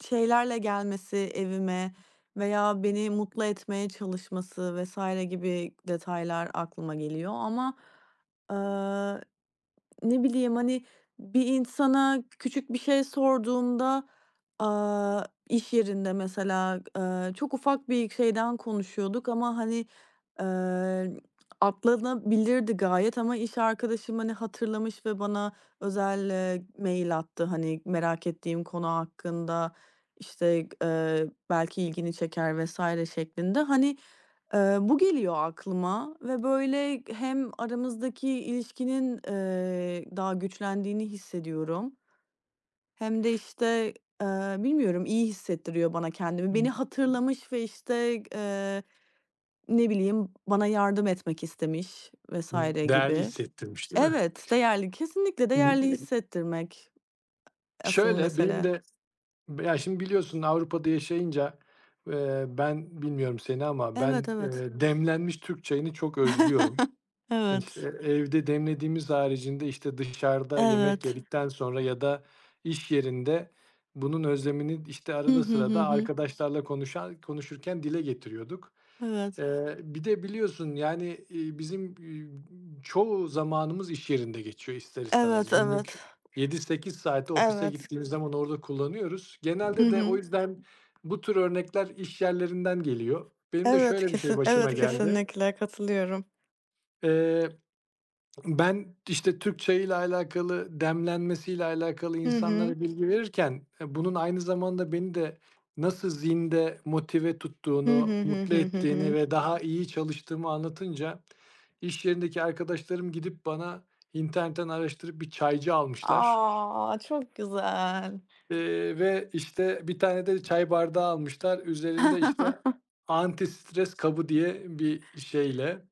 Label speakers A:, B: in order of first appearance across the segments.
A: Şeylerle gelmesi evime, veya beni mutlu etmeye çalışması vs. gibi detaylar aklıma geliyor. Ama, aaa, ne bileyim, hani bir insana küçük bir şey sorduğumda, aaa, iş yerinde mesela, eee, çok ufak bir şeyden konuşuyorduk ama hani, eee, atlanabilirdi gayet ama iş arkadaşım hani hatırlamış ve bana özel, eee, mail attı. Hani, merak ettiğim konu hakkında işte, eee, "Belki ilgini çeker." vs. şeklinde. Hani, eee, bu geliyor aklıma ve böyle hem aramızdaki ilişkinin, eee, daha güçlendiğini hissediyorum. Hem de işte, eee, bilmiyorum, iyi hissettiriyor bana kendimi. Beni
B: [unintelligible]
A: hatırlamış ve işte, eee, ne bileyim, bana yardım etmek istemiş vs.
B: Değerli
A: gibi.
B: hissettirmiş, değil mi?
A: Evet, değerli, kesinlikle değerli
B: [unintelligible]
A: hissettirmek asıl
B: Şöyle, benim
A: mesele.
B: de, b ya, şimdi biliyorsun Avrupa'da yaşayınca, eee, ben bilmiyorum seni ama ben,
A: Evet, evet.
B: eee, demlenmiş Türk çayını çok özlüyorum. İşte,
A: Evet.
B: evde demlediğimiz haricinde, işte, dışarıda yemek
A: Evet.
B: yedikten sonra ya da iş yerinde bunun özlemini, işte,
A: Hı
B: arada
A: hı. Hı
B: sırada
A: hı.
B: arkadaşlarla konuşa-konuşurken dile getiriyorduk.
A: Evet.
B: Eee, bir de biliyorsun, yani, eee, bizim, eee, çoğu zamanımız iş yerinde geçiyor ister istemez.
A: Evet
B: Günlük
A: evet.
B: 7-8 saati ofise
A: Evet.
B: gittiğimiz zaman orada kullanıyoruz.
A: Hı
B: Genelde de, o
A: hı.
B: yüzden bu tür örnekler iş yerlerinden geliyor. Benim de
A: Evet,
B: şöyle bir şey
A: kesin
B: başıma
A: evet,
B: geldi.
A: kesinlikle katılıyorum.
B: Eee, ben, işte, Türk çayıyla alakalı, demlenmesiyle alakalı,
A: Hı hı.
B: insanlara bilgi verirken, bunun aynı zamanda beni de nasıl zinde, motive
A: Hı
B: tuttuğunu,
A: hı, hı
B: mutlu
A: hı, hı
B: ettiğini
A: hı.
B: ve daha iyi çalıştığımı anlatınca, iş yerindeki arkadaşlarım gidip bana, internetten araştırıp bir çaycı almışlar.
A: A, çok güzel.
B: Eee, ve işte bir tane de çay bardağı almışlar. Üzerinde, işte, "Anti-stres kabı." diye bir şeyle.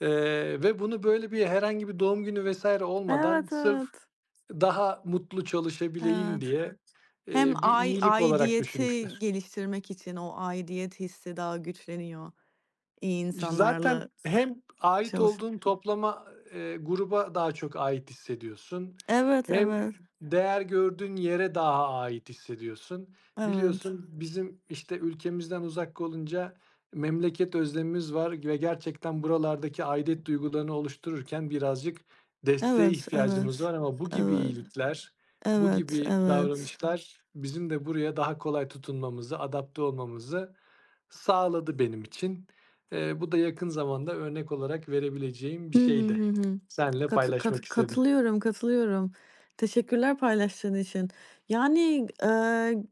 B: Eee, ve bunu böyle bir herhangi bir doğum günü vs. olmadan,
A: Evet
B: sırf
A: evet.
B: daha mutlu çalışabileyim
A: Evet.
B: diye,
A: Hem
B: eee, bir
A: ai
B: iyilik olarak
A: aidiyeti
B: düşünmüşler.
A: geliştirmek için. O, aidiyet hissi daha güçleniyor iyi
B: İş zaten
A: insanlarla
B: hem ait
A: çalış
B: olduğun toplama eee, gruba daha çok ait hissediyorsun,
A: Evet,
B: hem
A: evet.
B: değer gördüğün yere daha ait hissediyorsun.
A: Evet.
B: Biliyorsun, bizim, işte, ülkemizden uzak olunca, memleket özlemimiz var ve gerçekten, buralardaki aidiyet duygularını oluştururken birazcık desteğe
A: Evet,
B: ihtiyacımız
A: evet,
B: var. Ama bu gibi
A: evet,
B: iyilikler, bu
A: evet,
B: gibi
A: evet.
B: davranışlar bizim de buraya daha kolay tutunmamızı, adapte olmamızı sağladı benim için. Eee, bu da yakın zamanda örnek olarak verebileceğim bir
A: Hı hı,
B: şeydi.
A: hı hı.
B: Seninle paylaşmak istedim.
A: Katı-katı-katılıyorum. Katılıyorum. Teşekkürler paylaştığın için. Yani, eee